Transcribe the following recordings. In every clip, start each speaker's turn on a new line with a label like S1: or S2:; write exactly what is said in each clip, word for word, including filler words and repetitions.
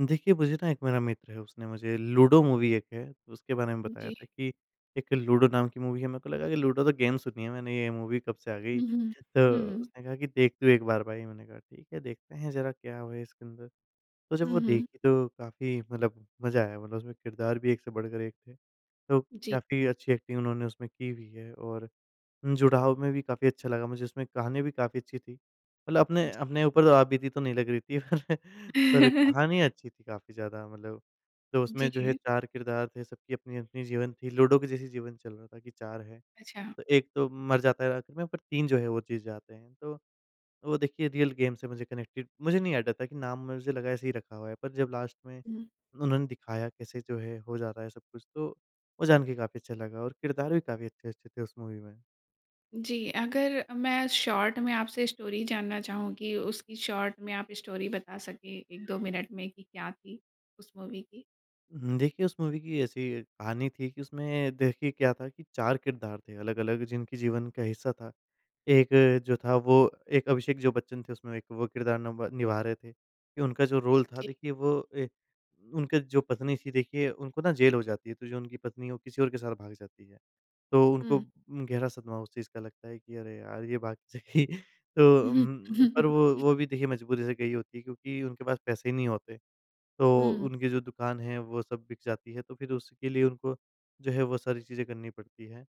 S1: देखिए मुझे ना एक मेरा मित्र है, उसने मुझे लूडो मूवी एक है उसके बारे में बताया
S2: जी।
S1: था कि एक लूडो नाम की मूवी है। मेरे को लगा कि लूडो तो गेम सुनी है मैंने ये मूवी कब से आ गई?
S2: हुँ, हुँ,
S1: तो
S2: हुँ।
S1: उसने कहा कि, "देख तू एक बार भाई।" मैंने कहा, "ठीक है, देखते हैं, ज़रा क्या वो है इसके अंदर।" तो जब
S2: हुँ,
S1: वो
S2: हुँ।
S1: देखी तो काफ़ी मतलब मज़ा आया, मतलब उसमें किरदार भी एक से बढ़कर एक थे। तो
S2: जी।
S1: काफ़ी अच्छी एक्टिंग उन्होंने उसमें की हुई है और जुड़ाव में भी काफ़ी अच्छा लगा मुझे, उसमें गाने भी काफ़ी अच्छी थी। मतलब अपने,
S2: जी।
S1: अपने ऊपर आप बीती तो नहीं लग रही थी। पर कहानी अच्छी थी काफ़ी ज़्यादा मतलब। तो उसमें जो है
S2: जी।
S1: चार किरदार थे, सबकी अपनी, अपनी जीवन थी। लूडो के जैसी जीवन चल रहा था कि 4 है,
S2: अच्छा।
S1: तो एक तो मर जाता है आखिर में, पर तीन जो हैं तो वो जीत जाते हैं। तो वो देखिए रियल गेम से मुझे कनेक्टेड मुझे नहीं आइडिया था कि नाम मुझे लगा ऐसे ही रखा हुआ है पर जब लास्ट में
S2: हुँ।
S1: उन्होंने दिखाया कैसे जो है हो जा रहा है सब कुछ, तो वो जान के काफ़ी अच्छा लगा और किरदारे भी काफ़ी अच्छे-अच्छे थे उस मूवी में।
S2: जी। अगर मैं शॉर्ट में आपसे स्टोरी जानना चाहूँ कि उसकी शॉर्ट में आप स्टोरी बता सके एक दो मिनट में कि क्या थी उस मूवी की?
S1: उम, देखिए उस मूवी की ऐसी कहानी थी, कि उसमें देखिए क्या था कि चार किरदार थे अलग-अलग जिनकी जीवन का हिस्सा था। एक जो था वो एक अभिषेक जो बच्चन थे उसमें एक वो किरदार नब निभा रहे थे, कि उनका जो रोल था
S2: जी।
S1: देखिए वो ए उनके जो पत्नी थी देखिए उनको ना जेल हो जाती है, तो जो उनकी पत्नी है वो किसी और के साथ भाग जाती है। तो उनको
S2: हुँ।
S1: गहरा सदमा उस चीज़ का लगता है, कि अरे यार! ये भाग जाएगी। तो
S2: हुँ,
S1: उम्म,
S2: हुँ।
S1: पर वो, वो भी देखिए मजबूरी से गई होती है क्योंकि उनके पास पैसे नहीं होते। तो
S2: हुँ।
S1: उनकी जो दुकान है वो सब बिक जाती है, तो फिर उसके लिए उनको जो है वो सारी चीज़ें करनी पड़ती है।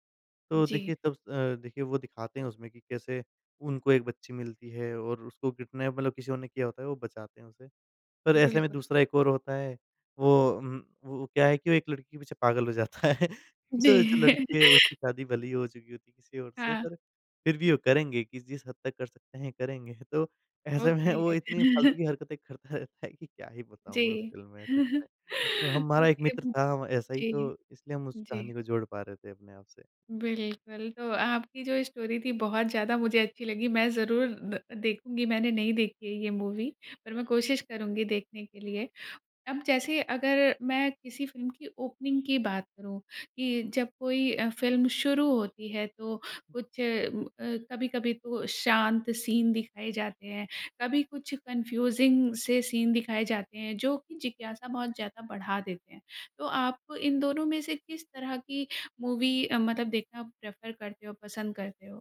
S1: तो
S2: जी।
S1: देखिए तब अ, देखिए वो दिखाते हैं उसमें कि कैसे उनको एक बच्ची मिलती है और उसको किडनैप मतलब किसी और ने किया होता है, वो बचाते हैं उसे। पर ऐसे में
S2: बिल्कुल।
S1: दूसरा एक और होता है, वो, उम, वो क्या है कि वो एक लड़की के पीछे पागल हो जाता है। तो
S2: जी।
S1: जो लड़की उसकी शादी भले ही हो चुकी होती है किसी और से,
S2: हाँ।
S1: पर फिर भी वो करेंगे कि जिस हद तक कर सकते हैं करेंगे। तो ऐसे
S2: ओके।
S1: में वो इतनी फ़ालतू की हरकतें करता रहता है कि क्या ही
S2: जी।
S1: बताऊँ उस फ़िल्म में सच में। तो हमारा एक
S2: ओके
S1: मित्र
S2: वू
S1: था व ऐसा ही तो
S2: जी,
S1: इसलिए हम उस
S2: जी।
S1: कहानी को जोड़ पा रहे थे अपने आप से।
S2: बिल्कुल। तो आपकी जो ये स्टोरी थी बहुत ज़्यादा मुझे अच्छी लगी। मैं ज़रूर द देखूँगी, मैंने नहीं देखी है ये मूवी पर मैं कोशिश करुँगी देखने के लिए। अब जैसे अगर मैं किसी फ़िल्म की ओपनिंग की बात करूँ, कि जब कोई अ, फ़िल्म शुरू होती है तो कुछ उम, अ, कभी-कभी तो शांत सीन दिखाए जाते हैं, कभी कुछ कन्फ्यूज़िंग से सीन दिखाए जाते हैं, जो जिज्ञासा बहुत ज़्यादा बढ़ा देते हैं। तो आप इन दोनों में से किस तरह की मूवी अ, मतलब देखना प्रेफ़र करते हो, पसंद करते हो?